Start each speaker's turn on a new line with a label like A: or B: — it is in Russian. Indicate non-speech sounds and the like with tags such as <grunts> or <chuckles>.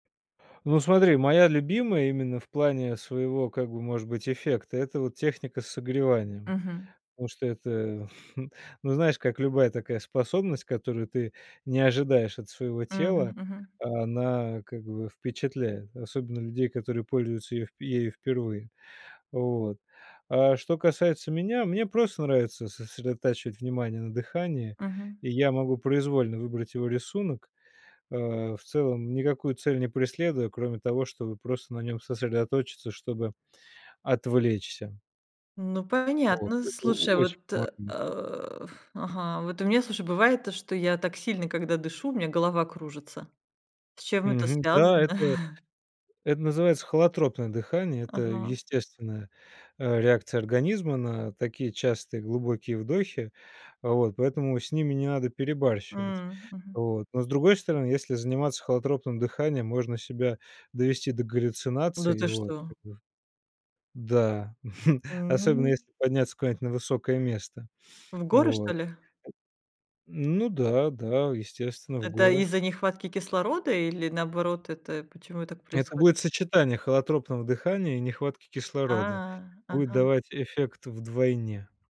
A: Ну, смотри, моя любимая именно в плане своего, как бы, может быть, эффекта- это вот техника с согреванием.
B: Мгм.
A: Потому что это, м, <chuckles> ну, знаешь, как любая такая способность, которую ты не ожидаешь от своего
B: Мгм,
A: тела,
B: мгм.
A: она как бы впечатляет. Особенно людей, которые пользуются ее ею впервые. Вот. А что касается меня, мне просто нравится сосредотачивать внимание на дыхании,
B: Мгм.
A: и я могу произвольно выбрать его рисунок, э, в целом никакую цель не преследуя, кроме того, чтобы просто на нём сосредоточиться, чтобы отвлечься.
B: Ну,
A: Вот.
B: понятно.
A: Это
B: Слушай, а
A: очень
B: вот, э,
A: помогает.
B: <grunts> ага, вот у меня, слушай, бывает, что я так сильно, когда дышу, у меня голова кружится. С чем это
A: Мгм, да,
B: связано?
A: это
B: <chuckles>
A: это называется холотропное дыхание. Это
B: Ага.
A: естественная, э, реакция организма на такие частые глубокие вдохи. Вот, поэтому с ними не надо перебарщивать.
B: М, мгм.
A: Вот, но, с другой стороны, если заниматься холотропным дыханием, можно себя довести до
B: Да
A: галлюцинации, и
B: ты
A: вот,
B: что?
A: как бы да, <chuckles> особенно
B: М.
A: если подняться куда-нибудь на высокое место,
B: В горы, что
A: вот.
B: ли?
A: Ну да, да, естественно, в
B: Это
A: горы.
B: из-за нехватки кислорода или, наоборот, это почему так
A: Это будет
B: происходит?
A: сочетание холотропного дыхания и нехватки
B: А,
A: кислорода. Будет
B: ага.
A: давать эффект вдвойне.